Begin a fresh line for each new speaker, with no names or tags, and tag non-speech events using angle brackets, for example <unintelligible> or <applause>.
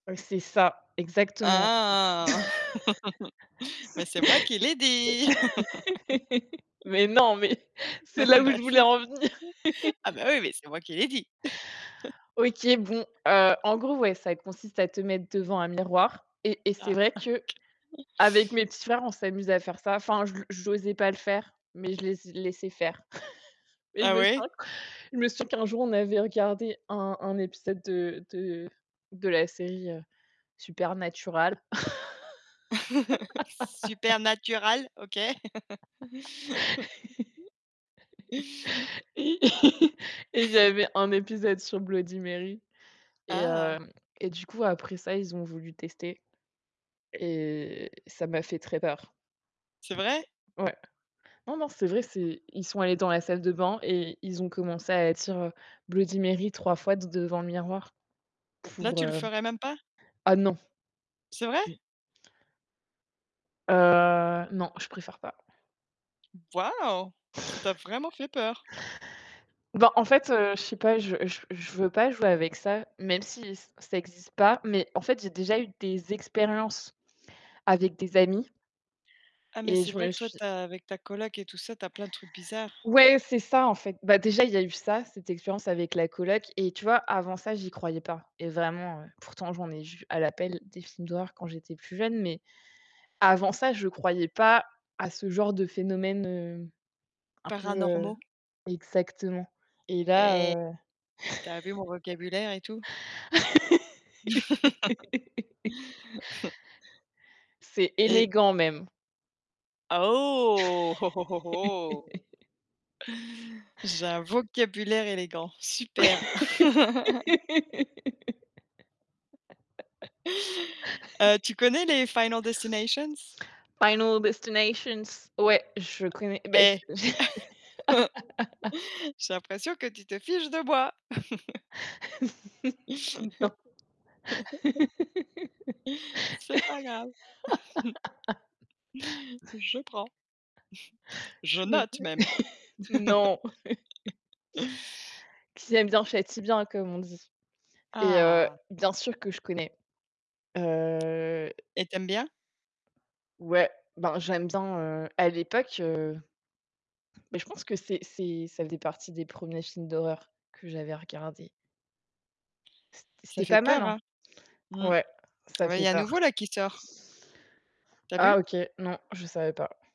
Ouais, c'est ça, exactement.
Ah! <laughs> Mais c'est moi qui l'ai dit!
<laughs> C'est <laughs> Mais non, mais c'est
<laughs>
là où
Bah,
je voulais
si.
en venir.
<laughs> Ah
<laughs>
bah ouais, mais c'est moi qui l'ai dit.
OK, bon, heu, en gros,
<laughs>
ouais, ça consiste à te mettre devant un miroir. Et et
Ah!
c'est vrai qu'avec
<chuckles>
mes petits frères, on s'amuse à faire ça. Enfin, je le j'osais pas le faire, mais je les ai laissé faire. <chuckles> Et je
Ah
me
ouais?
souviens q je me suis souviens qu'un jour, on avait regardé un un épisode de de de la série, heu, Supernatural
<laughs>
<laughs>
Supernatural, OK. <laughs>
<laughs> et <chuckles> et il y
<chuckles>
avait un épisode sur Bloody Mary, et
Ah!
hem, et du coup, après ça, ils ont voulu tester et ça m'a fait très peur.
C'est vrai?
Ouais. Non, non, c'est vrai, c'est ils sont allés dans la salle de bain et ils ont commencé à dire, heu: «Bloody Mary» 3 fois de devant le miroir
Là,
pour,
tu le
heu
ferais même pas?
ah non.
C'est vrai?
Heu, non, je préfère pas.
Waouh, ça t'a
<chuckles>
vraiment fait peur!
Ben, en fait, heu, je sais pas, je je je veux pas jouer avec ça, même si ç ça existe pas, mais en fait, j'ai déjà eu des expériences avec des amis
Ah, mais
et
c'est
je
vrai
me
que toi,
suis
tu as avec ta coloc et tout ça, tu as plein de trucs bizarres.
Ouais, c'est ça en fait. Bah, déjà, il y a eu ça, cette expérience avec la coloc. Et tu vois, avant ça, j'y croyais pas. Et vraiment, heu, pourtant, j'en ai vu à la pelle des films d'horreur quand j'étais plus jeune, mais avant ça, je croyais pas à ce genre de phénomènes, heu, un peu, heu
Paranormaux.
exactement. Et là,
Eh!
heu
Tu as vu mon vocabulaire et tout? <chuckles>
<laughs>
<chuckles>
C'est
Et
élégant même.
Ah, oh! Oh oh oh!
<chuckles>
J'ai un vocabulaire élégant, super. <laughs> Heu,
<laughs>
tu connais les Final Destinations?
Final Destinations ouais, je connais, beh, c
Eh!
<laughs>
<laughs> J'ai l'impression que tu te fiches de moi. <chuckles>
<laughs> Non.
<chuckles> C'est pas grave. <chuckles> Je prends. Je
<laughs>
note même!
<unintelligible> Non. <laughs>
<laughs>
Qui aime bien, chatie bien, comme on dit. Et heu,
Ah!
bien sûr que je connais. Heu
Et tu aimes bien?
Ouais, ben, j'aime bien, heu, à l'époque, heu ben, je pense que c'est c'est ça faisait partie des 1ers films d'horreur que j'avais regardés.
Ça
C'était
fait
pas mal,
peur,
hein.
hein? Mmh.
Ouais, ça
Oui, il y
fait
a un
peur.
nouveau là, qui sort. Tu as vu?
Ah OK, non, je savais pas.